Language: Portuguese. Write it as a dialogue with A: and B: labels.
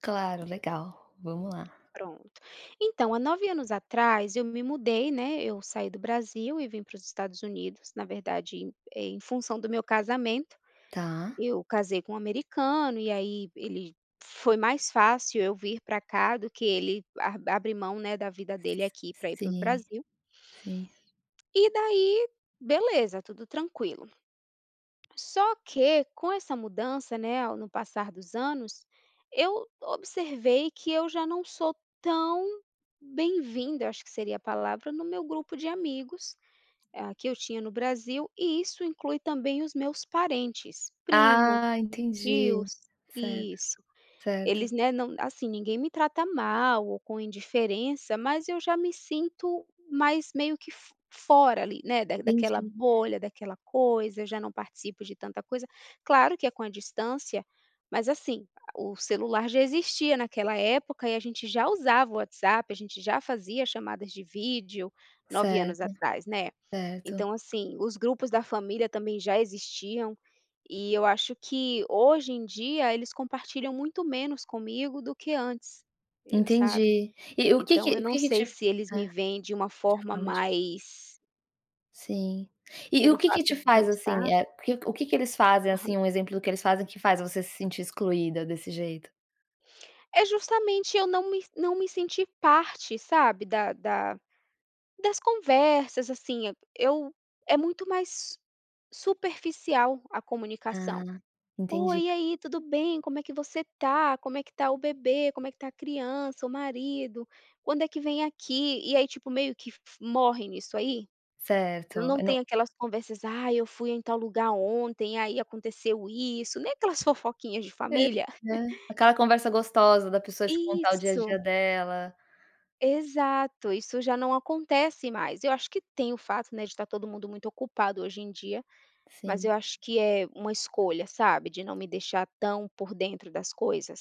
A: Claro, legal. Vamos lá.
B: Pronto. Então, há 9 anos atrás eu me mudei, né, eu saí do Brasil e vim pros Estados Unidos, na verdade, eh, em função do meu casamento.
A: Tá.
B: Eu casei com um americano e aí ele foi mais fácil eu vir pra cá do que ele arbi abre mão, né, da vida dele aqui pra ir pro
A: Sim,
B: Brasil.
A: sim.
B: E daí beleza, tudo tranquilo. Só que com essa mudança, né, no passar dos anos, eu observei que eu já não sou tão bem-vinda, eu acho que seria a palavra, no meu grupo de amigos, ah, que eu tinha no Brasil e isso inclui também os meus parentes, primos,
A: Ah entendi,
B: tios,
A: certo,
B: isso.
A: certo.
B: Eles, né, não, assim, ninguém me trata mal ou com indiferença, mas eu já me sinto mais meio que fo fora ali, né, daquela
A: Entendi.
B: bolha, daquela coisa, já não participo de tanta coisa. Claro que é com a distância, mas assim, o celular já existia naquela época e a gente já usava o WhatsApp, a gente já fazia chamadas de vídeo 9 anos
A: Certo,
B: atrás, né.
A: certo.
B: Então assim, os grupos da família também já existiam e eu acho que hoje em dia eles compartilham muito menos comigo do que antes, eu sabe.
A: Entendi. E o que que
B: Então eu
A: o
B: não
A: que que te
B: sei se eles
A: é,
B: me veem de uma
A: de
B: forma
A: forma dif
B: mais
A: Sim. E o
B: pelo
A: que que
B: fato
A: te
B: de eu
A: faz assim
B: estar
A: o que que eles fazem
B: Aham.
A: assim um exemplo do que eles fazem que faz você se sentir excluída desse jeito?
B: É justamente eu não me não me sentir parte, sabe, da da das conversas, assim. Eu é muito mais superficial a
A: Ah,
B: comunicação. "Oi,
A: entendi.
B: e aí, tudo bem? Como é que você tá? Como é que tá o bebê? Como é que tá a criança? O marido? Quando é que vem aqui?". E aí, tipo, meio que morre nisso aí.
A: Certo
B: Não
A: e não
B: tem aquelas conversas: "Ai, eu fui em tal lugar ontem, aí aconteceu isso", nem aquelas fofoquinhas de
A: É
B: família.
A: né, aquela conversa gostosa da pessoa te contar o dia a dia
B: Isso.
A: dela.
B: Exato, isso já não acontece mais. Eu acho que tem o fato, né, de estar todo mundo muito ocupado hoje em dia, mas
A: Sim.
B: eu acho que é uma escolha, sabe. De não me deixar tão por dentro das coisas.